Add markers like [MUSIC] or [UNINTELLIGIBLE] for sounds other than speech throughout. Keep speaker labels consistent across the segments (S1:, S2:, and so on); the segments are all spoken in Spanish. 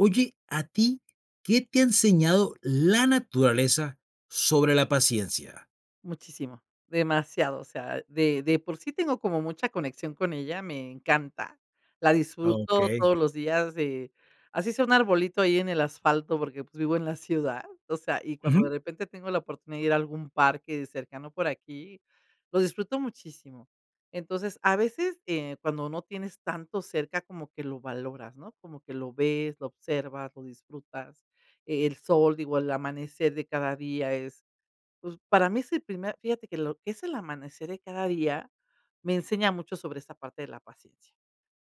S1: Oye, a ti, ¿qué te ha enseñado la naturaleza sobre la paciencia?
S2: Muchísimo, demasiado, o sea, de de por sí tengo como mucha conexión con ella, me encanta. La disfruto
S1: Okey.
S2: todos los días, de, así sea un arbolito ahí en el asfalto, porque, pues, vivo en la ciudad. O sea, y cuando de
S1: Ujú.
S2: repente tengo la oportunidad de ir a algún parque cercano por aquí, lo disfruto muchísimo. Entonces a veces, eh, cuando no tienes tanto cerca, como que lo valoras, ¿no? Como que lo ves, lo observas, lo disfrutas. El sol, digo, el amanecer de cada día es, pues, para mí es el primer fíjate que lo que es el amanecer de cada día, me enseña mucho sobre esa parte de la paciencia.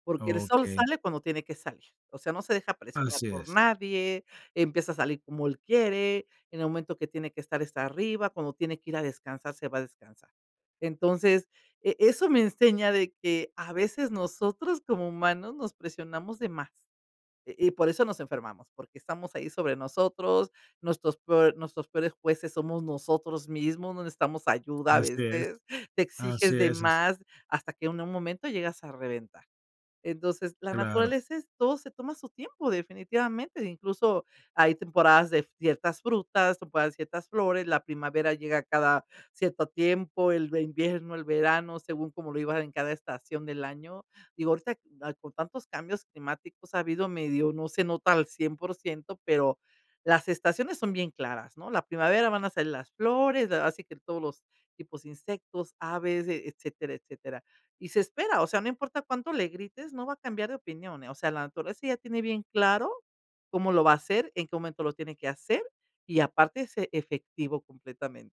S2: Porque el sol
S1: Okey.
S2: sale cuando tiene que salir. O sea, no se deja presionar
S1: Así
S2: por
S1: es.
S2: nadie, empieza a salir como él quiere, en el momento que tiene que estar, está arriba, cuando tiene que ir a descansar, se va a descansar. Entonces, eh, eso me enseña de que, a veces nosotros como humanos nos presionamos de más. Y y por eso nos enfermamos, porque estamos ahí sobre nosotros, nuestros probl nuestros peores jueces somos nosotros mismos, no necesitamos ayuda a
S1: Así es.
S2: veces, te
S1: Así
S2: exiges de
S1: es es.
S2: más, hasta que en un momento llegas a reventar. Entonces, la
S1: Claro.
S2: naturaleza es, todo se toma su tiempo definitivamente, incluso, hay temporadas de ciertas frutas, temporadas de ciertas flores, la primavera llega cada cierto tiempo, el el invierno, el verano, según cómo lo iban en cada estación del año. Digo, ahorita [UNINTELLIGIBLE] con tantos cambios climáticos ha habido medio, no se nota al 100 pero las estaciones son bien claras, ¿no? La primavera van a salir las flores, da así que todos los tipos de insectos, aves, eh, etcétera, etcétera. Y se espera, o sea, no importa cuánto le grites, no va a cambiar de opinión, eh, o sea, la naturaleza ya tiene bien claro cómo lo va a hacer, en qué momento lo tiene que hacer y, aparte, es efectivo completamente.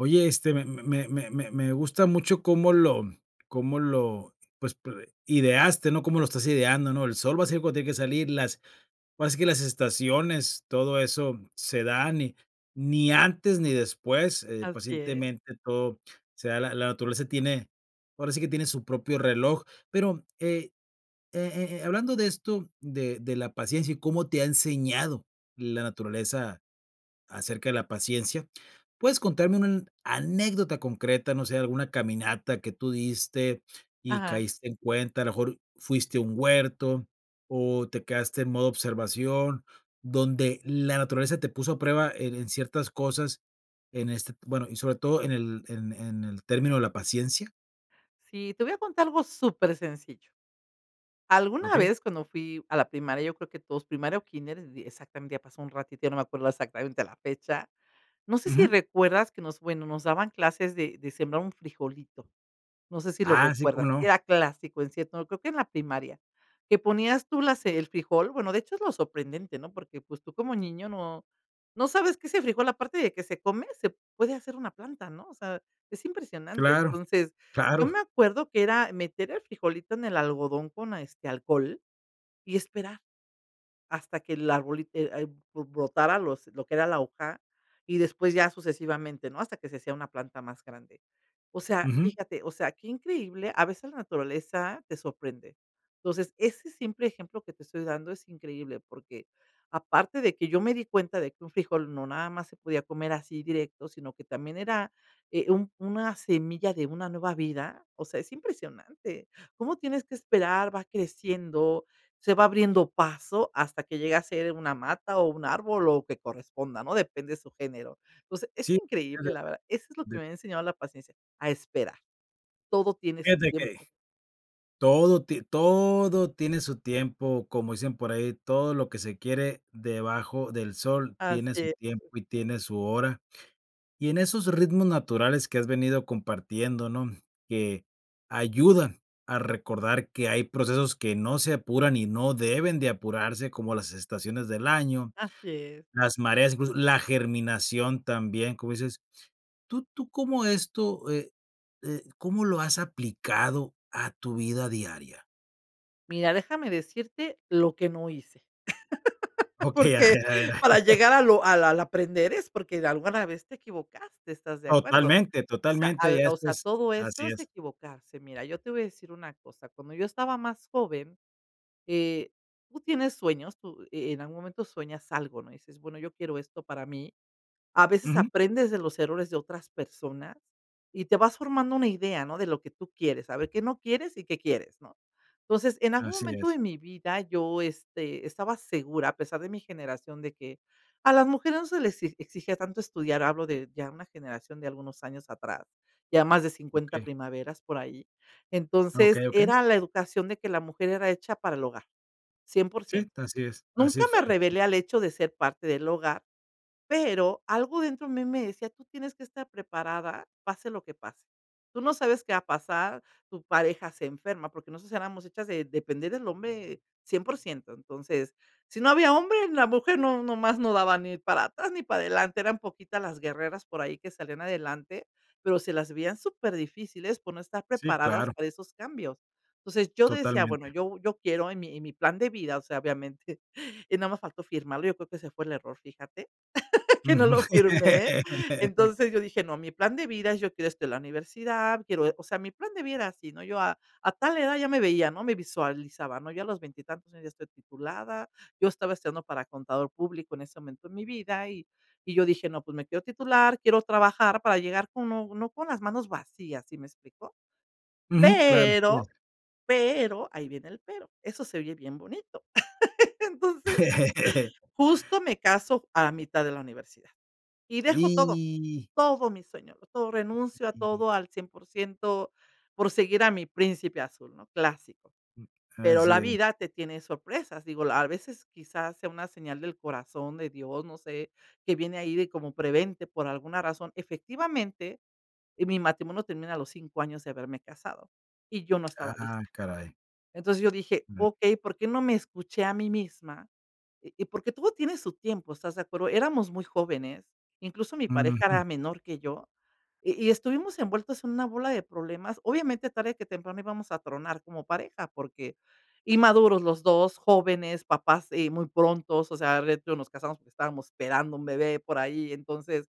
S1: Oye, este, me me me me me gusta mucho cómo lo cómo lo, pues, p ideaste, ¿no?, cómo lo estás ideando, ¿no?, el sol va a salir cuando tiene que salir, las, ahora sí que las estaciones, todo eso se dan y ni antes ni después, eh,
S2: Así es.
S1: pacientemente todo se da, la la naturaleza tiene, ahora sí que tiene su propio reloj, pero eh eh eh eh, hablando de esto, de de la paciencia y cómo te ha enseñado la naturaleza acerca de la paciencia, ¿puedes contarme una an anécdota concreta? No sé, alguna caminata que tú diste y
S2: Ajá.
S1: caíste en cuenta, a lo mejor fuiste a un huerto o te quedaste en modo observación, donde la naturaleza te puso a prueba en en ciertas cosas en este, bueno, y sobre todo en el, en en el término de la paciencia.
S2: Sí, te voy a contar algo supersencillo, alguna
S1: Okey.
S2: vez cuando fui a la primaria, yo creo que todos primaria o kínder, exactamente ya pasó un ratito, ya no me acuerdo exactamente la fecha, no sé si
S1: Ujú.
S2: recuerdas que nos bueno, nos daban clases de de sembrar un frijolito, no sé si lo
S1: Ah, sí, ¿cómo
S2: recuerdas,
S1: no?
S2: era clásico en cierto, creo que en la primaria, que ponías tú las el frijol, bueno, de hecho es lo sorprendente, ¿no?, porque, pues, tú como niño no no sabes que ese frijol aparte de que se come, se puede hacer una planta, ¿no?, o sea, es impresionante,
S1: Claro
S2: entonces, yo
S1: claro.
S2: me acuerdo que era meter el frijolito en el algodón con, este, alcohol y esperar, hasta que el arbolito ea b b brotara los lo que era la hoja y después ya sucesivamente, ¿no?, hasta que se hacía una planta más grande, o sea,
S1: Ujú.
S2: fíjate, o sea, que increíble a veces la naturaleza te sorprende, entonces ese simple ejemplo que te estoy dando es increíble porque aparte de que yo me di cuenta de que un frijol no nada más se podía comer así directo, sino que también era, eh, un una semilla de una nueva vida, o sea, es impresionante, cómo tienes que esperar, va creciendo, se va abriendo paso hasta que llega a ser una mata o un árbol o lo que corresponda, ¿no?, depende su género, entonces, es
S1: Sí.
S2: increíble la verdad, eso es lo que
S1: [UNINTELLIGIBLE]
S2: me ha enseñado la paciencia, a esperar, todo tiene su
S1: Fíjate que
S2: tiempo.
S1: todo ti todo tiene su tiempo, como dicen por ahí: "Todo lo que se quiere debajo del sol,
S2: Así
S1: tiene su
S2: es.
S1: tiempo y tiene su hora", y en esos ritmos naturales que has venido compartiendo, ¿no?, que ayudan a recordar que hay procesos que no se apuran y no deben de apurarse como las estaciones del año,
S2: Así es.
S1: las mareas incluso, la germinación también, cómo dices, ¿tú tú cómo esto, eh eh, cómo lo has aplicado a tu vida diaria?
S2: Mira, déjame decirte lo que no hice [LAUGHS]
S1: Okey, a
S2: porque
S1: ver a ver.
S2: para llegar a
S1: [LAUGHS]
S2: lo al al aprender es porque de alguna vez te equivocaste, ¿estás de acuerdo?,
S1: Totalmente,
S2: o sea,
S1: totalmente,
S2: al,
S1: ya
S2: o sea,
S1: después
S2: todo esto
S1: así
S2: es
S1: es.
S2: equivocarse. Mira, yo te voy a decir una cosa, cuando yo estaba más joven, eh, tú tienes sueños, tú e en algún momento sueñas algo, ¿no?, dices: "Bueno, yo quiero esto para mí". A veces
S1: Ujú.
S2: aprendes de los errores de otras personas y te vas formando una idea, ¿no?, de lo que tú quieres, a ver qué no quieres y qué quieres, ¿no? Entonces, en algún
S1: Así
S2: momento
S1: es.
S2: de mi vida yo, este, estaba segura, a pesar de mi generación de que a las mujeres no se les e exigía tanto estudiar, hablo de ya una generación de algunos años atrás, ya más de 50
S1: Okey.
S2: primaveras por ahí.
S1: Okey,
S2: Entonces,
S1: okey.
S2: era la educación de que la mujer era hecha para el hogar, cien por
S1: Sí,
S2: ciento,
S1: así es, así
S2: nunca me
S1: fue, sí.
S2: revelé al hecho de ser parte del hogar, pero algo dentro a mí me decía: "Tú tienes que estar preparada pase lo que pase. Tú no sabes qué va a pasar, tu pareja se enferma", porque nosotros éramos hechas de depender del hombre 100% Entonces, si no había hombre, la mujer no nomás no daban ni para atrás ni para adelante, eran poquitas las guerreras por ahí que salían adelante, pero se las veían superdifíciles por no estar
S1: Sí,
S2: preparadas
S1: claro.
S2: para esos cambios. Entonces, yo decía: "Bueno,
S1: Totalmente.
S2: yo yo quiero en mi en mi plan de vida", o sea, obviamente, [CHUCKLES] y nada más faltó firmarlo, yo creo que ese fue el error, fíjate, [LAUGHS] que no lo
S1: Ujú.
S2: firmé.
S1: [LAUGHS]
S2: Entonces, yo dije: "No, mi plan de vida, yo quiero estudiar en la universidad, quiero", o sea, mi plan de vida era así, ¿no?, yo a a tal edad ya me veía, ¿no?, me visualizaba, ¿no?, ya a los veintitantos años ya estoy titulada, yo estaba estudiando para contador público en ese momento en mi vida, y y yo dije: "No, pues, me quiero titular, quiero trabajar para llegar con no con las manos vacías", ¿sí me explico?,
S1: Ujú. Claro, así debe de
S2: pero,
S1: ser.
S2: pero ahí viene el pero, eso se oye bien bonito. [LAUGHS] Entonces,
S1: [LAUGHS]
S2: justo me caso a la mitad de la universidad, y dejo todo
S1: Y.
S2: todo mi sueño, todo, renuncio a
S1: [UNINTELLIGIBLE]
S2: todo al 100% por seguir a mi príncipe azul, ¿no?, clásico.
S1: Mm,
S2: Pero, la
S1: así es.
S2: vida te tiene sorpresas, digo, la a veces, quizás sea una señal del corazón de Dios, no sé, que viene ahí de como prevente por alguna razón. Efectivamente, mi matrimonio termina a los 5 años, de haberme casado, y yo no estaba
S1: Ah,
S2: lista.
S1: caray.
S2: Entonces, yo dije:
S1: [UNINTELLIGIBLE]
S2: "Okey, ¿por qué no me escuché a mí misma?", y porque todo tiene su tiempo, ¿estás de acuerdo? Éramos muy jóvenes, incluso, mi pareja
S1: Ujú.
S2: era menor que yo, y y estuvimos envueltos en una bola de problemas. Obviamente, tarde que temprano íbamos a tronar como pareja, porque inmaduros los 2 jóvenes, papás, eh, muy pronto, o sea, [UNINTELLIGIBLE] nos casamos porque estábamos esperando un bebé por ahí, entonces,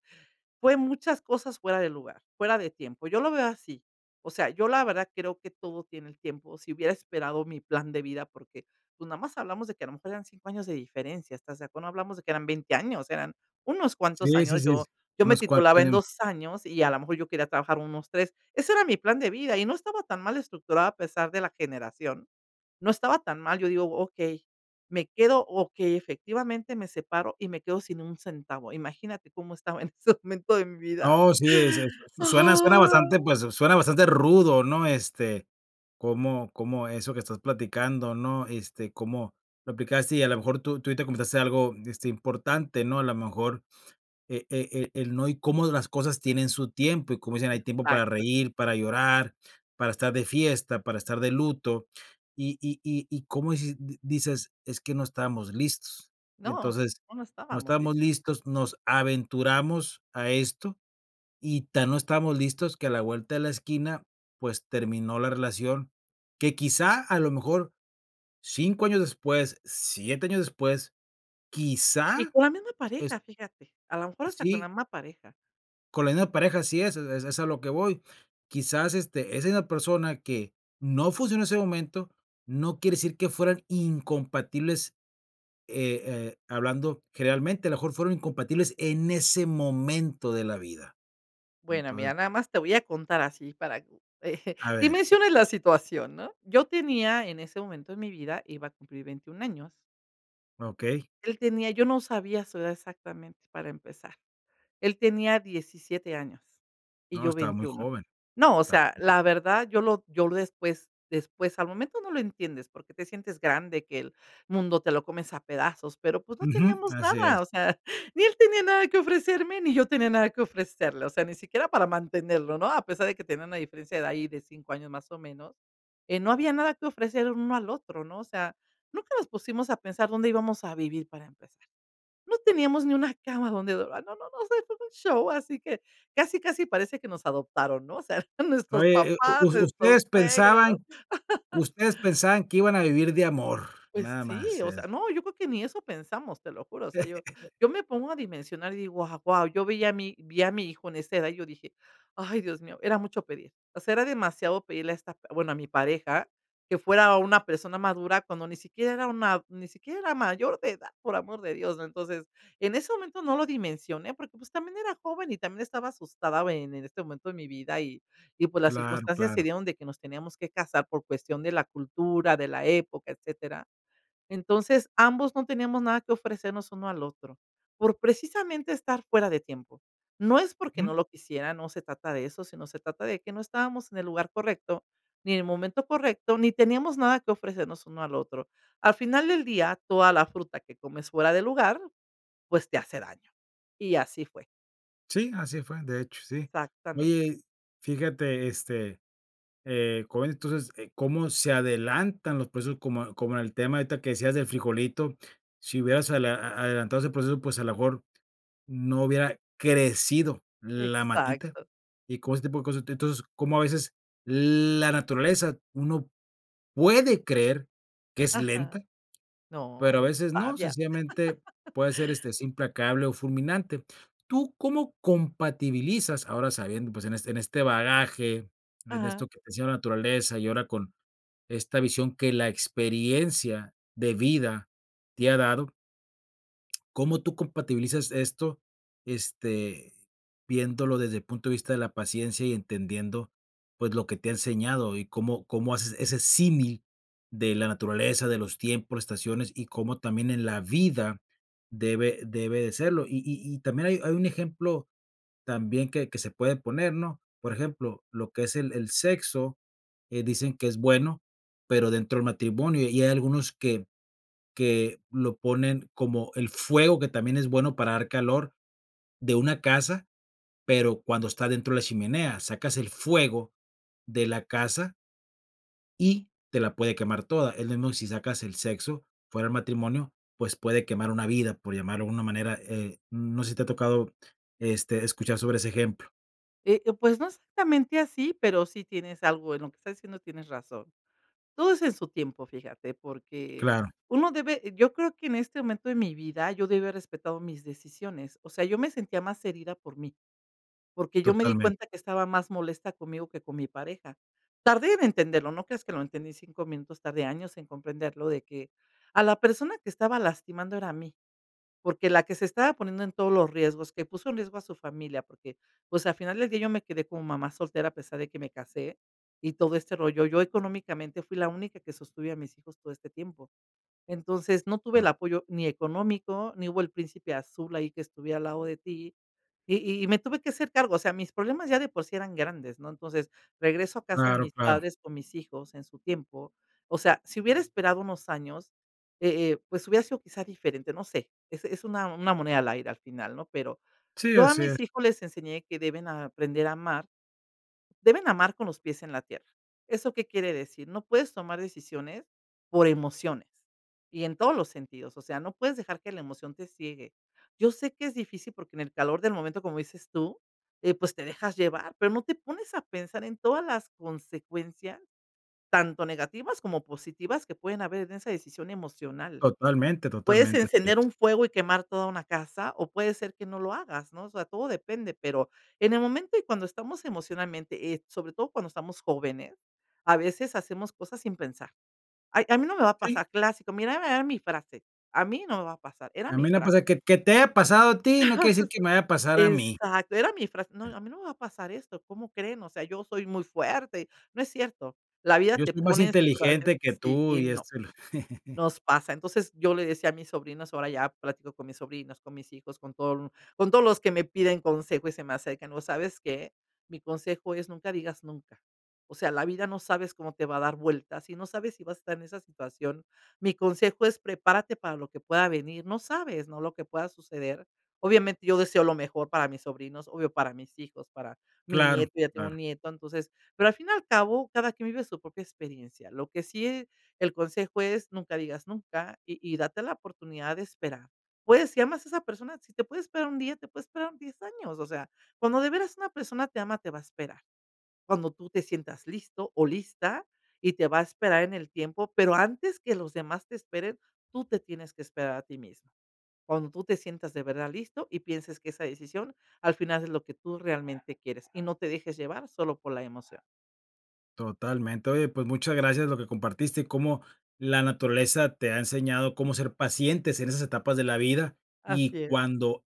S2: fue muchas cosas fuera de lugar, fuera de tiempo, yo lo veo así. O sea, yo la verdad creo que todo tiene el tiempo, si hubiera esperado mi plan de vida, porque pues, nada más hablamos de que a lo mejor eran 5 años de diferencia, estás de acu no hablamos de que eran 20 años, eran unos cuantos
S1: Sí, sí,
S2: años,
S1: sí,
S2: yo yo me
S1: unos cuantos
S2: titulaba en
S1: año
S2: 2 años y, a la mejor, yo quería trabajar unos 3 ese era mi plan de vida y no estaba tan mal estructurada a pesar de la generación. No estaba tan mal, yo digo: "Okey, me quedo". Okey, efectivamente, me separo y me quedo sin un centavo, ¿imagínate cómo estaba en ese momento de mi vida?
S1: No, sí, es su su suena suena
S2: ¡Ah!
S1: bastante, pues, suena bastante rudo, ¿no?, este, cómo cómo eso que estás platicando, ¿no?, este, cómo lo aplicaste y, a la mejor, tú tú ahorita comentaste algo, este, importante, ¿no?, a la mejor, e e e el no y cómo las cosas tienen su tiempo, y como dicen: "Hay tiempo para
S2: Exacto.
S1: reír, para llorar, para estar de fiesta, para estar de luto", y y y y como dices di dices: "Es que no estábamos listos".
S2: No,
S1: Entonces,
S2: no, no
S1: no
S2: estábamos
S1: estábamos
S2: listos.
S1: listos, nos aventuramos a esto, y tan no estábamos listos que a la vuelta de la esquina, pues, terminó la relación, que quizá, a lo mejor 5 años después, 7 años después,
S2: Y
S1: quizá
S2: con la misma
S1: es
S2: pareja, fíjate, a la mejor hasta con
S1: Sí.
S2: la misma pareja.
S1: Con la misma pareja así es, e es a lo que voy. Quizás, este, es en la persona que no funcionó en ese momento, no quiere decir que fueran incompatibles, eh eh, hablando generalmente, a lo mejor, fueron incompatibles en ese momento de la vida.
S2: Bueno,
S1: Entonces
S2: mira, nada más te voy a contar así para que [CHUCKLES]
S1: A ver.
S2: dimensiones la situación, ¿no?, yo tenía en ese momento de mi vida, iba a cumplir 21 años
S1: Okey.
S2: él tenía, yo no sabía su edad exactamente, para empezar, él tenía 17 años y
S1: No,
S2: yo
S1: estaba muy
S2: 21
S1: joven,
S2: no, o
S1: estaba
S2: sea,
S1: muy joven.
S2: la verdad yo lo yo después después, al momento no lo entiendes, porque te sientes grande, que el mundo te lo comes a pedazos, pero pues, no
S1: Ujú,
S2: teníamos
S1: así es.
S2: nada, o sea, [CHUCKLES] ni él tenía nada que ofrecerme ni yo tenía nada que ofrecerle, o sea, ni siquiera para mantenerlo, ¿no?, a pesar de que tenía una diferencia de ahí de 5 años más o menos, eh, no había nada que ofrecer el uno al otro, ¿no?, o sea, nunca nos pusimos a pensar dónde íbamos a vivir, para empezar. No teníamos ni una cama donde dor ah, no, no, no, o sea, eso fue un show, así que casi casi parece que nos adoptaron, ¿no?, o sea, [CHUCKLES] nuestros
S1: Oye, eh, u
S2: papás,
S1: us
S2: nuestros
S1: ustedes
S2: suegros.
S1: pensaban
S2: [LAUGHS]
S1: ustedes pensaban que iban a vivir de amor,
S2: Pues
S1: nada
S2: sí,
S1: más,
S2: o sea,
S1: es
S2: no, yo creo que ni eso pensamos, te lo juro, o sea, yo yo me pongo a
S1: [LAUGHS]
S2: dimensionar y digo: "Ah, guau", yo vi a mi vi a mi hijo en esa edad y yo dije: "Ay Dios mío, era mucho pedir, o sea, era demasiado pedirle a esta p bueno, a mi pareja que fuera una persona madura cuando ni siquiera era una ni siquiera era mayor de edad, por amor de Dios" Entonces, en ese momento no lo dimensioné porque, pues, también era joven y también estaba asustada en en este momento de mi vida y y pues, las
S1: Claro,
S2: circunstancias se
S1: claro.
S2: dieron de que nos teníamos que casar por cuestión de la cultura, de la época, etcétera. Entonces, ambos no teníamos nada que ofrecernos uno al otro, por, precisamente, estar fuera de tiempo. No es porque
S1: Ujú.
S2: no lo quisiera, no se trata de eso, sino se trata de que no estábamos en el lugar correcto, ni en el momento correcto, ni teníamos nada que ofrecernos uno al otro. Al final del día, toda la fruta que comes fuera de lugar, pues, te hace daño, y así fue.
S1: Sí, así fue, de hecho, sí.
S2: Exactamente.
S1: Oye, fíjate, este, eh, cómo entonces, eh, cómo se adelantan los procesos como como el tema ahorita que decías del frijolito, si hubieras adela a adelantado ese proceso, pues, a la mejor no hubiera crecido la matita,
S2: Exacto.
S1: y como ese tipo de cosas. Entonces, cómo a veces la naturaleza uno puede creer que es
S2: Ajá,
S1: lenta, pero a
S2: no, es
S1: veces no,
S2: sabia.
S1: sencillamente
S2: [LAUGHS]
S1: puede ser, este, es implacable, o fulminante, ¿tú cómo compatibilizas, ahora sabiendo, pues, en este en este bagaje, en
S2: Ajá.
S1: esto que te decía de la naturaleza, y ahora con esta visión que la experiencia de vida te ha dado cómo tú compatibilizas esto?, este, viéndolo desde el punto de vista de la paciencia y entendiendo, pues, lo que te ha enseñado, y, cómo cómo haces ese símil de la naturaleza, de los tiempos, estaciones y cómo también en la vida debe debe de serlo. Y y y también hay hay un ejemplo también que que se puede poner, ¿no?, por ejemplo, lo que es el el sexo, eh, dicen que es bueno, pero dentro del matrimonio, y hay algunos que que lo ponen como el fuego que también es bueno para dar calor de una casa, pero cuando está dentro de la chimenea, sacas el fuego de la casa y te la puede quemar toda, es lo mismo si sacas el sexo fuera del matrimonio, pues, puede quemar una vida, por llamarlo de una manera, eh, no sé, si te ha tocado, este, escuchar sobre ese ejemplo.
S2: Eh eh, pues no exactamente así, pero si tienes algo en lo que estás diciendo, tienes razón. Todo es en su tiempo, fíjate, porque
S1: Claro.
S2: uno debe yo creo que en este momento de mi vida, yo debí haber respetado mis decisiones. O sea, yo me sentía más herida por mí. Porque yo me di
S1: Totalmente.
S2: cuenta que estaba más molesta conmigo que con mi pareja. Tardé en entenderlo, no creas que lo entendí en 5 minutos, tardé años en comprenderlo de que a la persona que estaba lastimando era a mí. Porque la que se estaba poniendo en todos los riesgos, que puso en riesgo a su familia, porque, pues, al final del día yo me quedé como mamá soltera a pesar de que me casé y todo este rollo. Yo, económicamente, fui la única que sostuve a mis hijos todo este tiempo. Entonces, no tuve el
S1: Ah.
S2: apoyo ni económico, ni hubo el príncipe azul ahí que estuviera al lado de ti y y me tuve que hacer cargo, o sea, mis problemas ya de por sí eran grandes, ¿no? Entonces, regreso a casa de
S1: Claro,
S2: mis
S1: claro.
S2: padres con mis hijos en su tiempo. O sea, si hubiera esperado unos años, eh eh, pues hubiera sido quizá diferente, no sé, es es una una moneda al aire al final, ¿no? Pero
S1: Sí,
S2: yo a
S1: así
S2: mis
S1: es.
S2: hijos les enseñé que deben aprender a amar, deben amar con los pies en la tierra. ¿Eso qué quiere decir? No puedes tomar decisiones por emociones y en todos los sentidos, o sea, no puedes dejar que la emoción te ciegue. Yo sé que es difícil porque en el calor del momento, como dices tú, eh, pues te dejas llevar, pero no te pones a pensar en todas las consecuencias, tanto negativas como positivas, que pueden haber en esa decisión emocional.
S1: Totalmente,
S2: Puedes
S1: totalmente, así
S2: encender
S1: es.
S2: un fuego y quemar toda una casa o puede ser que no lo hagas, ¿no? O sea, todo depende, pero en el momento y cuando estamos emocionalmente, eh, sobre todo cuando estamos jóvenes a veces hacemos cosas sin pensar. "Ay a mí no me va a
S1: Sí.
S2: pasar" clásico, mírame, era mi frase, a mí no me va a pasar, era
S1: A
S2: mi
S1: mí me ha pasado,
S2: frase.
S1: que que te haya pasado a ti no quiere decir que me vaya a
S2: [CHUCKLES]
S1: pasar a mí.
S2: Exacto, era mi frase: "No, a mí no me va a pasar esto, ¿cómo creen? O sea, yo soy muy fuerte". No es cierto, la vida
S1: Yo
S2: te
S1: estoy más
S2: pone en situación
S1: inteligente que
S2: sí
S1: tú
S2: y
S1: y est
S2: no,
S1: [CHUCKLES]
S2: nos pasa, entonces yo le decía a mis sobrinos, ahora ya platico con mis sobrinos, con mis hijos, con todo el con todos los que me piden consejo y se me acercan, ¿no sabes qué? Mi consejo es: "Nunca digas nunca". O sea, la vida no sabes cómo te va a dar vueltas, y no sabes si vas a estar en esa situación, mi consejo es prepárate para lo que pueda venir, no sabes, ¿no?, lo que pueda suceder. Obviamente, yo deseo lo mejor para mis sobrinos, obvio para mis hijos, para mi
S1: Claro,
S2: nieto, ya tengo
S1: claro.
S2: un nieto, entonces, pero al fin y al cabo cada quien vive su propia experiencia. Lo que sí eh, el consejo es nunca digas nunca y y date la oportunidad de esperar. Puedes si amas esa persona, si te puede esperar un día, te puede esperar 10 años, o sea, cuando de veras una persona te ama te va a esperar. Cuando tú te sientas listo o lista y te va a esperar en el tiempo, pero antes que los demás te esperen, tú te tienes que esperar a ti mismo. Cuando tú te sientas de verdad listo y pienses que esa decisión al final es lo que tú realmente quieres y no te dejes llevar solo por la emoción.
S1: Totalmente. Oye, pues muchas gracias lo que compartiste, y cómo la naturaleza te ha enseñado cómo ser pacientes en esas etapas de la vida, y
S2: Así es.
S1: cuando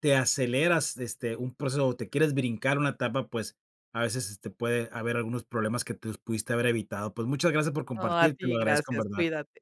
S1: te aceleras, este, un proceso o te quieres brincar una etapa, pues a veces, este, puede haber algunos problemas que te los pudiste haber evitado. Pues, muchas gracias por
S2: No, a
S1: compartir, te lo
S2: ti
S1: agradezco en
S2: gracias,
S1: verdad.
S2: cuídate.